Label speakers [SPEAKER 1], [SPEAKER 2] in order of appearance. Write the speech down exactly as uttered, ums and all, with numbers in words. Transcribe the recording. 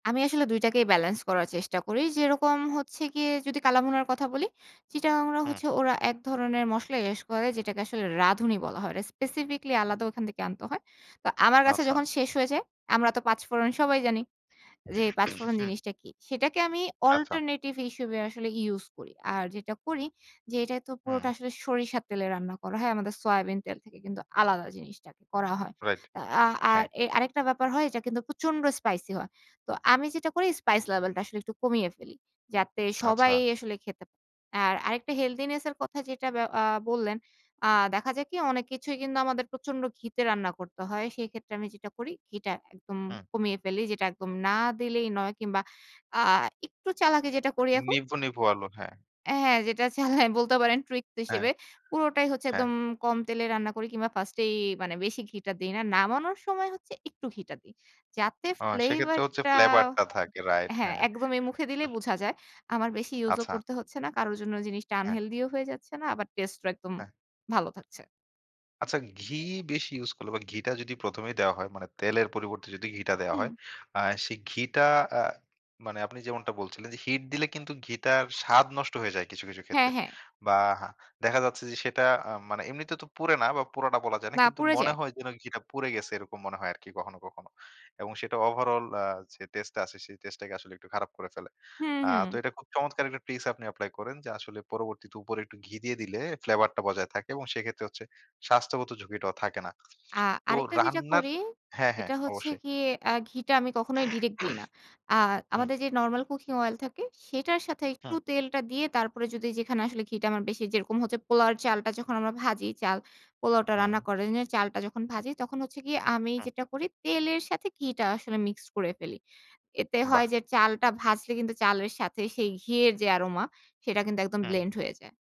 [SPEAKER 1] আমি আসলে দুইটাকেই ব্যালেন্স করার চেষ্টা করি। যেরকম হচ্ছে গিয়ে যদি কালা ভুনার কথা বলি, চিটাগাংড়া
[SPEAKER 2] হুম।
[SPEAKER 1] হচ্ছে ওরা এক ধরনের মসলা এস করে যেটাকে আসলে রাঁধুনি বলা হয়। রে স্পেসিফিকলি আলাদা ওখান থেকে আনতে হয়। তো আমার কাছে
[SPEAKER 2] আচ্ছা।
[SPEAKER 1] যখন শেষ হয়ে যায়, আমরা তো পাঁচফোড়ন সবাই জানি। যে পাঁচফোড়ন
[SPEAKER 2] হুম।
[SPEAKER 1] জিনিসটা কি। সেটাকে আমি
[SPEAKER 2] আচ্ছা।
[SPEAKER 1] অল্টারনেটিভ হিসেবে আসলে ইউজ করি। আর যেটা করি যে এটাই তো পুরোটা
[SPEAKER 2] হুম।
[SPEAKER 1] আসলে সরিষার তেলে রান্না করা হয়। আমাদের সয়াবিন তেল থেকে কিন্তু আলাদা জিনিসটাকে করা হয়।
[SPEAKER 2] রাইট।
[SPEAKER 1] আ আর
[SPEAKER 2] হ্যাঁ।
[SPEAKER 1] এ আরেকটা ব্যাপার হয় এটা কিন্তু প্রচন্ড স্পাইসি হয়। তো আমি যেটা করি স্পাইস লেভেল টা আসলে একটু কমিয়ে ফেলি। যাতে সবাই
[SPEAKER 2] আচ্ছা।
[SPEAKER 1] আসলে খেতে আর আরেকটা হেলথিনেস এর কথা যেটা ব্যা আ বললেন। আ দেখা যাক কি অনেক কিছুই কিন্তু আমাদের প্রচন্ড ঘিতে রান্না করতে হয়। সেক্ষেত্রে আমি যেটা করি ঘিটা একদম
[SPEAKER 2] হুম।
[SPEAKER 1] কমিয়ে ফেলি। যেটা একদম না দিলেই নয় কিংবা আ একটু চালাকি যেটা করি এখন।
[SPEAKER 2] নিভু, নিভু, আলো হ্যাঁ।
[SPEAKER 1] হ্যাঁ যেটা চালায় বলতে পারেন ট্রিক
[SPEAKER 2] হ্যাঁ,
[SPEAKER 1] হিসেবে। পুরোটাই হচ্ছে
[SPEAKER 2] হ্যাঁ।
[SPEAKER 1] একদম কম তেলে রান্না করি কিংবা ফার্স্ট এই, মানে বেশি ঘিটা দেই না। নামানোর সময় হচ্ছে একটু ঘিটা দেই। যাতে
[SPEAKER 2] ও সেক্ষেত্রে
[SPEAKER 1] ফ্লেভার
[SPEAKER 2] হচ্ছে
[SPEAKER 1] টা
[SPEAKER 2] ফ্লেভার টা থাকে। রাইট
[SPEAKER 1] হ্যাঁ,
[SPEAKER 2] হ্যাঁ।
[SPEAKER 1] একদম এই মুখে দিলেই বুঝা যায়। আমার বেশি ইউজ ও
[SPEAKER 2] আচ্ছা।
[SPEAKER 1] করতে হচ্ছে না। কারো জন্য জিনিসটা
[SPEAKER 2] হ্যাঁ।
[SPEAKER 1] আনহেলথি ও হয়ে যাচ্ছে না। আবার টেস্টে ও একদম
[SPEAKER 2] হ্যাঁ।
[SPEAKER 1] ভালো থাকছে।
[SPEAKER 2] আচ্ছা। ঘি বেশি ইউস করলে বা, ঘিটা যদি প্রথমেই দেওয়া হয় মানে তেলের পরিবর্তে যদি ঘিটা দেওয়া
[SPEAKER 1] হুম।
[SPEAKER 2] হয়। আ সেই ঘিটা আ মানে আপনি যেমনটা বলছিলেন যে, হিট দিলে কিন্তু ঘিটার স্বাদ নষ্ট হয়ে যায় কিছু, কিছু,
[SPEAKER 1] হ্যাঁ,
[SPEAKER 2] ক্ষেত্রে
[SPEAKER 1] হ্যাঁ।
[SPEAKER 2] বা, হ্যাঁ দেখা যাচ্ছে যে সেটা আ মানে এমনিতে তো পুরে না বা, পুরাটা বলা যায় না।
[SPEAKER 1] বা,
[SPEAKER 2] কিন্তু
[SPEAKER 1] পুড়ে
[SPEAKER 2] মনে
[SPEAKER 1] যায়।
[SPEAKER 2] হয় যেন ঘিটা পুড়ে গেছে, এরকম মনে হয় আরকি কখনো, কখনো। এবং সেটা ওভারঅল আ যে টেস্টটা আছে সেই টেস্ট টাকে আসলে একটু খারাপ করে ফেলে।
[SPEAKER 1] হুম,
[SPEAKER 2] আ
[SPEAKER 1] হুম।
[SPEAKER 2] তো এইটা খুব চমৎকার একটা পিস আপনি এপ্লাই করেন যে আসলে পরবর্তীতে উপরে একটু ঘি দিয়ে দিলে ফ্লেভার টা বজায় থাকে এবং সেক্ষেত্রে হচ্ছে স্বাস্থ্যগত ঝুঁকিটাও থাকে না।
[SPEAKER 1] আ
[SPEAKER 2] তো
[SPEAKER 1] আরেকটা যেটা
[SPEAKER 2] রান্নার
[SPEAKER 1] করি
[SPEAKER 2] হ্যাঁ, হ্যাঁ,
[SPEAKER 1] এটা হচ্ছে
[SPEAKER 2] অবশ্যই।
[SPEAKER 1] গিয়ে আ ঘিটা আমি কখনোই ডিরেক্ট দিই না। আ
[SPEAKER 2] হুম।
[SPEAKER 1] আমাদের যে নরমাল কুকিং অয়েল থাকে, সেটার সাথে একটু
[SPEAKER 2] হুম।
[SPEAKER 1] তেলটা দিয়ে তারপরে যদি যেখানে আসলে ঘিটা আমার বেশি যেরকম হচ্ছে পোলাওয়ের চালটা যখন আমরা ভাজি, চাল পোলাওটা
[SPEAKER 2] হুম।
[SPEAKER 1] রান্না করে [unintelligible] চালটা যখন ভাজি তখন হচ্ছে গিয়ে আমি
[SPEAKER 2] হুম।
[SPEAKER 1] যেটা করি তেলের সাথে ঘিটা আসলে মিক্সড করে ফেলি। এতে
[SPEAKER 2] বাহ!
[SPEAKER 1] হয় যে চালটা ভাজলে কিন্তু চালের সাথে সেই ঘি এর যে এরোমা সেটা কিন্তু একদম
[SPEAKER 2] হুম।
[SPEAKER 1] ব্লেন্ড হয়ে যায়।